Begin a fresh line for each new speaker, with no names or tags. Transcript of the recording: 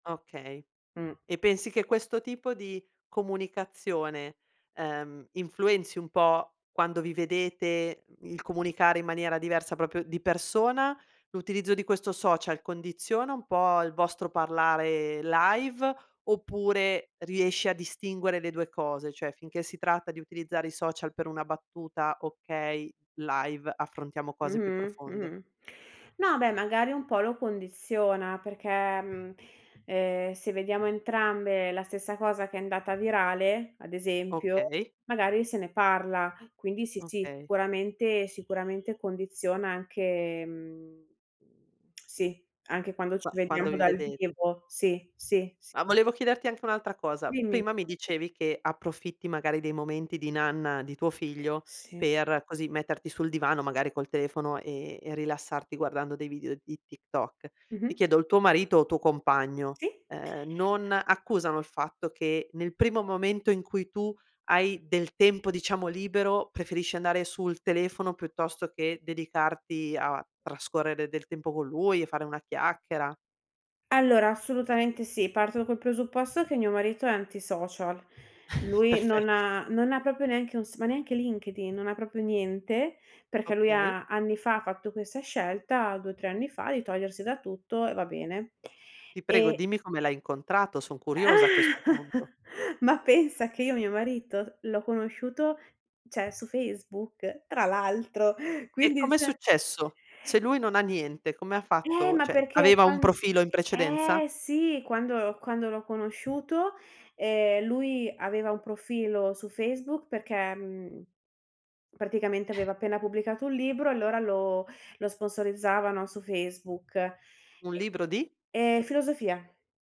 Okay,
Mh.
e pensi che questo tipo di comunicazione, ehm, influenzi un po' quando vi vedete? Il comunicare in maniera diversa, proprio di persona, l'utilizzo di questo social condiziona un po' il vostro parlare live oppure riesci a distinguere le due cose? Cioè, finché si tratta di utilizzare i social per una battuta, okay, live affrontiamo cose più
Mh-mh,
profonde?
mh-mh no, beh, magari un po' lo condiziona, perché mhmm ehm se vediamo entrambe la stessa cosa che è andata virale, ad esempio,
Okay.
magari se ne parla. Quindi sì, sì,
Okay.
sicuramente, sicuramente condiziona anche mhmm sì, anche quando ci
Qua quando
vediamo
vi
dal
vedete.
vivo. Sì, sì s
Ma volevo chiederti anche un'altra cosa.
Dimmi.
Prima mi dicevi che approfitti, magari, dei momenti di nanna di tuo figlio
Sì.
per, così, metterti sul divano, magari, col telefono e e rilassarti guardando dei video di TikTok. Ti
Mh-mh.
chiedo: il tuo marito o tuo compagno,
Sì.
ehm, non accusano il fatto che, nel primo momento in cui tu hai del tempo, diciamo, libero, preferisci andare sul telefono piuttosto che dedicarti a trascorrere del tempo con lui e fare una chiacchiera?
Allora, assolutamente sì. Parto col presupposto che mio marito è anti-social. Lui non
Perfetto.
ha non ha proprio neanche un s ma neanche LinkedIn, non ha proprio niente, perché lui
Okay.
ha, anni fa, fatto questa scelta, 2 o 3 anni fa, di togliersi da tutto, e va bene.
Ti prego,
E
dimmi come l'hai incontrato. Son curiosa a questo punto.
Ma pensa che io mio marito l'ho conosciuto cioè, su Facebook tra l'altro,
E
quindi
come è
cioè
successo? Se lui non ha niente, come ha
Eh,
fatto?
ma
Cioè,
perché
aveva un
quan
profilo in precedenza?
eh, sì, quando quando l'ho conosciuto, ehm, lui aveva un profilo su Facebook perché, mhmm, praticamente aveva appena pubblicato un libro e, allora, lo lo sponsorizzavano su Facebook
Un
e
libro di?
ehm, filosofia.